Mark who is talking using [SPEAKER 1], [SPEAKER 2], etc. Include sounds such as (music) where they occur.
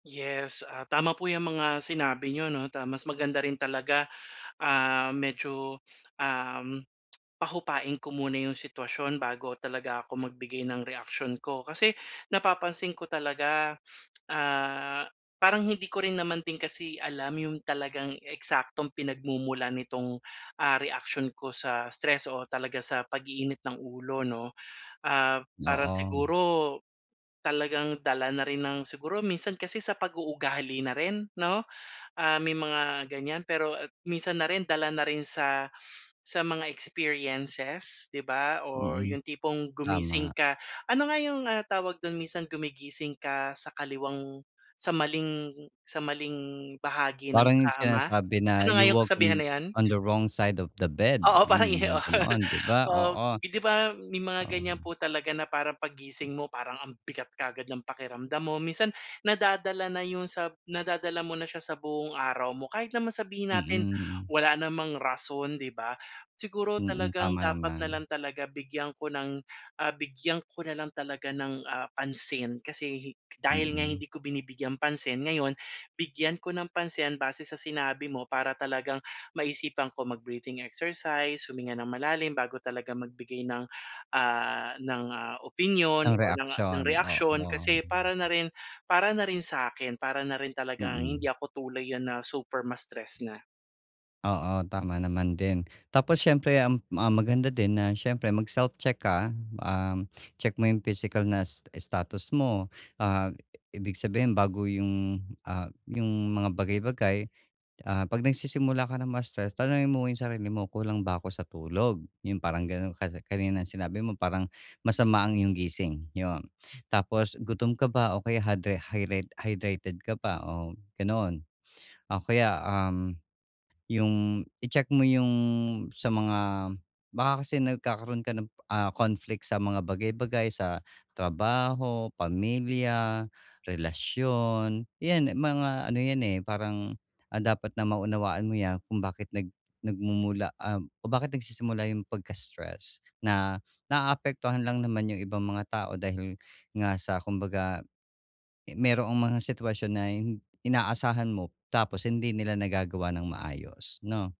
[SPEAKER 1] Yes, ah, tama po yang mga sinabi niyo 'no. Ta mas maganda rin talaga, (gasps) ah, medyo, (sniffs) um, (clicks tongue) pahupain ko muna yung sitwasyon bago talaga ako magbigay ng reaksyon ko. Kasi (gasps) napapansin ko talaga, (sniffs) (clicks tongue) ah, parang hindi ko rin naman din kasi alam yung talagang eksaktong pinagmumulan nitong, ah, reaction ko sa stress o talaga sa pag-iinit ng ulo 'no. Ah, parang
[SPEAKER 2] Oo.
[SPEAKER 1] siguro, talagang dala na rin ng siguro minsan kasi sa pag-uugali na rin, 'no? (gasps) Ah, may mga ganyan, pero minsan na rin dala na rin sa (sniffs) sa mga experiences 'di ba or
[SPEAKER 2] Mm.
[SPEAKER 1] yung tipong gumising
[SPEAKER 2] Tama.
[SPEAKER 1] ka. Ano nga yung, ah, tawag do'n? Minsan gumigising ka sa kaliwang sa maling sa maling bahagi ng
[SPEAKER 2] Parang 'yong
[SPEAKER 1] kama?
[SPEAKER 2] sinasabi na
[SPEAKER 1] Ano nga
[SPEAKER 2] you
[SPEAKER 1] yung
[SPEAKER 2] woke
[SPEAKER 1] kasabihan
[SPEAKER 2] on
[SPEAKER 1] na iyon?
[SPEAKER 2] on the wrong side of the bed
[SPEAKER 1] Oo
[SPEAKER 2] yun,
[SPEAKER 1] parang
[SPEAKER 2] 'yong mga
[SPEAKER 1] 'yon.
[SPEAKER 2] ganoon, 'di ba?
[SPEAKER 1] Um,
[SPEAKER 2] Oo.
[SPEAKER 1] eh, 'di ba may
[SPEAKER 2] (gasps)
[SPEAKER 1] mga
[SPEAKER 2] Oh.
[SPEAKER 1] ganyan po talaga na parang paggising mo, parang ang bigat kaagad ng pakiramdam mo. Minsan (gasps) nadadala na yun sa nadadala mo na siya sa buong araw mo. Kahit naman sabihin
[SPEAKER 2] Mm,
[SPEAKER 1] natin (gasps)
[SPEAKER 2] mm.
[SPEAKER 1] wala namang rason, 'di ba. (gasps) Siguro
[SPEAKER 2] Mm,
[SPEAKER 1] talagang
[SPEAKER 2] tama
[SPEAKER 1] dapat
[SPEAKER 2] naman.
[SPEAKER 1] nalang talaga bigyan ko ng (gasps) ah, bigyan ko na lang talaga ng, ah, pansin. Kasi hi dahil nga
[SPEAKER 2] Mm.
[SPEAKER 1] hindi ko binibigyang pansin, ngayon (gasps) bigyan ko ng pansin base sa sinabi mo para talagang (gasps) maisipan ko mag-breathing exercise, huminga ng malalim bago talaga magbigay ng, (gasps) ah, ng, ah, opinyon
[SPEAKER 2] Ng
[SPEAKER 1] or ng ng
[SPEAKER 2] reaksiyon,
[SPEAKER 1] reaksyon
[SPEAKER 2] oo.
[SPEAKER 1] kasi para na rin (gasps) para na rin sa'kin. Para na rin talagang hindi
[SPEAKER 2] Mm.
[SPEAKER 1] ako tuluyan na super ma-stress nga.
[SPEAKER 2] Oo, tama naman din. Tapos siyempre, um, ma maganda din na siyempre mag self-check ka, um, (sniffs) check mo 'yong physical na sta status mo. Ah, ibig sabihin, bago 'yong, ah, 'yong mga bagay-bagay, ah, 'pag nagsisimula ka ng ma-stress, tanungin mo 'yong sarili mo, "Kulang ba ako sa tulog?" 'Yong parang ganon. Ka kanina sinabi mo parang (gasps) masama ang 'yong gising, yun. (sniffs) Tapos, "Gutom ka ba? O kaya hydri hyred hydrated ka ba?" Oh ganun. (sniffs) O kaya, um, yung, i-check mo yung, sa mga baka kasi nagkakaroon ka ng, ah, conflict sa mga bagay-bagay, sa (gasps) trabaho, pamilya, (gasps) relasyon. Yan, mga ano yan eh, parang ang dapat na maunawaan mo yan kung bakit nag nagmumula, ah, kung bakit nagsisimula yung pagka-stress, na (sniffs) naapektuhan lang naman yung ibang mga tao dahil nga sa kumbaga mayro'ng mga sitwasyon na hin inaasahan mo tapos hindi nila nagagawa ng maayos, no.